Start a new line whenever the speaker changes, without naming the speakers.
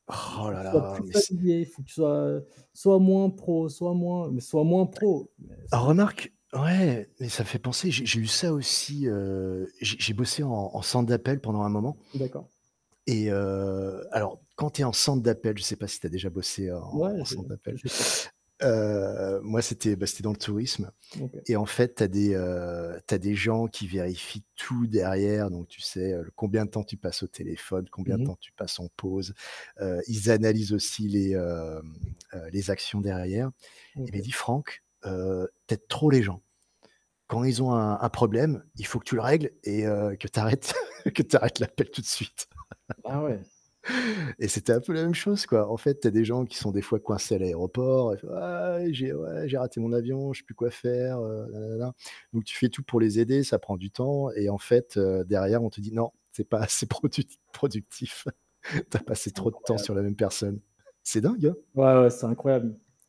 «Il
Roh
faut que
là
tu sois
là,
plus
mais c
fatigué, il faut que tu sois, heu, soit moins pro, soit moins» mais «soit moins pro»! Mais c'est
Remarque ouais, mais ça fait penser, j'ai j'ai eu ça aussi, heu, j'ai j'ai bossé en en centre d'appel pendant un moment
D'accord.
et heu, alors, quand tu es en centre d'appel, je sais pas si tu as déjà bossé en
Mouais
en
je
centre d'appel.
j'ai fait ça.
Heu, moi, c'était, bah, c'était dans le tourisme
Mmh, OK.
et en fait, tu as des, heu, tu as des gens qui vérifient tout derrière, donc tu sais, heu, l combien de temps tu passes au téléphone, combien de
Mmh mh.
temps tu passes en pause. Heu, ils analysent aussi les, hem, heu, les actions derrière. Il m'a
OK.
dit: «Franck, heu, tu aides trop les gens. Quand ils ont un un problème, il faut que tu le règles et heu, que tu arrêtes que tu arrêtes l'appel tout de suite»
Ah ouais.
et c'était un peu la même chose, quoi. En fait, tu as des gens qui sont des fois coincés à l'aéroport, ils font: «Ah j'ai ouais j'ai raté mon avion, je sais plus quoi faire, heu, nana, nana», bon, voilà, donc tu fais tout pour les aider, ça prend du temps et en fait, heu, derrière on te dit: «Non, c'est pas assez produti productif, tu as
Ah,
passé
c'est
trop de temps
incroyable.
sur la même personne». C'est dingue hein?
Ouais ouais, c'est incroyable m